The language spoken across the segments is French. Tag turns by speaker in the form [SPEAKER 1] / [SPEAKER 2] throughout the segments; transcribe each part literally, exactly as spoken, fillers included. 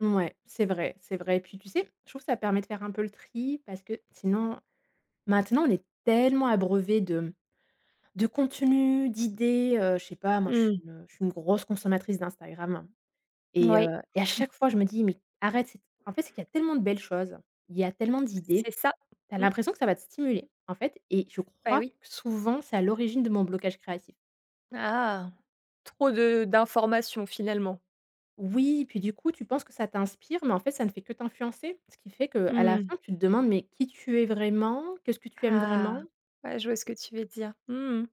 [SPEAKER 1] Ouais, c'est vrai, c'est vrai et puis tu sais, je trouve que ça permet de faire un peu le tri parce que sinon, maintenant on est tellement abreuvés de de contenus, d'idées, heu, je sais pas, moi je suis
[SPEAKER 2] Mmh.
[SPEAKER 1] je suis une grosse consommatrice d'Instagram et
[SPEAKER 2] Oui.
[SPEAKER 1] heu et à chaque fois, je me dis: «Mais arrête c». En fait, c'est qu'il y a tellement de belles choses, il y a tellement
[SPEAKER 2] C'est
[SPEAKER 1] d'idées.
[SPEAKER 2] ça.
[SPEAKER 1] Tu as
[SPEAKER 2] Mmh.
[SPEAKER 1] l'impression que ça va te stimuler, en fait et je
[SPEAKER 2] Bah
[SPEAKER 1] crois
[SPEAKER 2] oui.
[SPEAKER 1] que souvent, c'est à l'origine de mon blocage créatif.
[SPEAKER 2] Ah trop de d'informations finalement?
[SPEAKER 1] Oui, puis du coup, tu penses que ça t'inspire, mais en fait ça ne fait que t'influencer, ce qui fait qu'à la
[SPEAKER 2] Mmh.
[SPEAKER 1] fin, tu te demandes: «Mais qui tu es vraiment? Qu'est-ce que tu aimes
[SPEAKER 2] Ah
[SPEAKER 1] vraiment?»
[SPEAKER 2] ouais je vois ce que tu veux dire, mmh mh.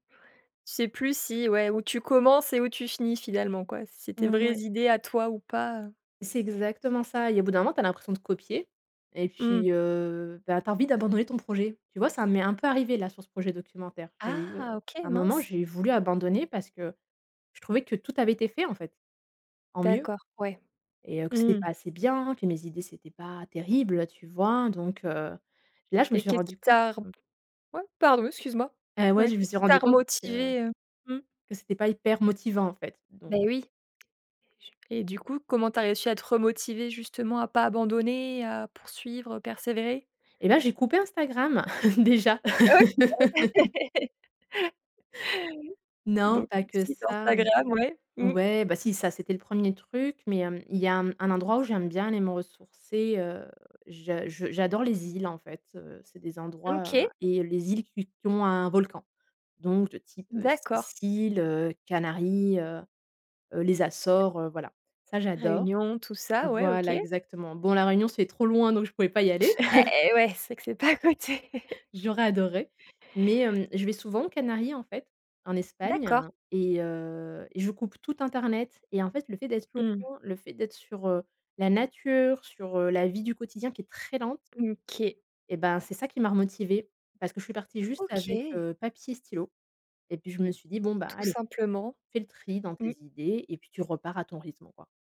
[SPEAKER 2] Tu sais plus si ouais, où tu commences et où tu finis finalement quoi? C'était des
[SPEAKER 1] Mmh
[SPEAKER 2] vraies
[SPEAKER 1] oui.
[SPEAKER 2] idées à toi ou pas, heu
[SPEAKER 1] C'est exactement ça et au bout d'un moment, tu as l'impression de copier et
[SPEAKER 2] Mmh.
[SPEAKER 1] puis heu, bah tu as envie d'abandonner ton projet. Tu vois, ça m'est un peu arrivé là sur ce projet documentaire. J'ai eu, heu,
[SPEAKER 2] Ah, OK,
[SPEAKER 1] un moment,
[SPEAKER 2] mince.
[SPEAKER 1] j'ai voulu abandonner parce que je trouvais que tout avait été fait en fait, en mieux
[SPEAKER 2] D'accord, ouais,
[SPEAKER 1] et heu, que c'était
[SPEAKER 2] mmh.
[SPEAKER 1] pas assez bien, que mes idées, c'était pas terrible, tu vois? Donc, heu, là je me
[SPEAKER 2] Et
[SPEAKER 1] suis
[SPEAKER 2] qu'est-ce qui
[SPEAKER 1] rendu compte
[SPEAKER 2] t'a
[SPEAKER 1] me
[SPEAKER 2] ouais pardon, excuse-moi.
[SPEAKER 1] et ouais,
[SPEAKER 2] Ouais
[SPEAKER 1] je me
[SPEAKER 2] qu'est-ce
[SPEAKER 1] suis
[SPEAKER 2] qui
[SPEAKER 1] rendu
[SPEAKER 2] t'a
[SPEAKER 1] compte que
[SPEAKER 2] motivé, heu mmh.
[SPEAKER 1] que cétait pas hyper motivant, en fait donc
[SPEAKER 2] Beh
[SPEAKER 1] heu
[SPEAKER 2] oui et je et du coup, comment tu as réussi à te remotiver justement, à pas abandonner? À poursuivre? Persévérer?
[SPEAKER 1] Eh bah, j'ai coupé Instagram déjà. Non,
[SPEAKER 2] Donc
[SPEAKER 1] pas que
[SPEAKER 2] exit
[SPEAKER 1] ça
[SPEAKER 2] Instagram, ouais.
[SPEAKER 1] ouais, bah si, ça, c'était le premier truc, mais il y a il y a un endroit où j'aime bien aller me ressourcer, heu, je j'adore les îles en fait, heu, c'est des endroits
[SPEAKER 2] OK.
[SPEAKER 1] et les îles qui qui ont un volcan donc de type
[SPEAKER 2] D'accord.
[SPEAKER 1] Sicile, heu, Canaries, heu, les Açores, heu, voilà ça j'adore.
[SPEAKER 2] Réunion? Tout ça, ouais OK.
[SPEAKER 1] Voilà, exactement. Bon, la Réunion c'est trop loin, donc je pouvais pas y aller.
[SPEAKER 2] Et ouais, c'est que c'est pas à côté.
[SPEAKER 1] J'aurais adoré. Mais, heu, je vais souvent aux Canaries, en fait, en Espagne
[SPEAKER 2] D'accord.
[SPEAKER 1] et heu et je coupe tout internet et en fait, le fait d'être
[SPEAKER 2] Mmh.
[SPEAKER 1] loin, le fait d'être sur, heu, la nature, sur, heu, la vie du quotidien qui est très lente
[SPEAKER 2] OK.
[SPEAKER 1] et bah c'est ça qui m'a remotivé parce que je suis partie juste avec,
[SPEAKER 2] OK.
[SPEAKER 1] heu, papier stylo et puis je me suis dit: «Bon bah
[SPEAKER 2] Tout
[SPEAKER 1] allez
[SPEAKER 2] simplement,
[SPEAKER 1] fais le tri dans tes
[SPEAKER 2] mmh.
[SPEAKER 1] idées et puis tu repars à ton rythme, quoi».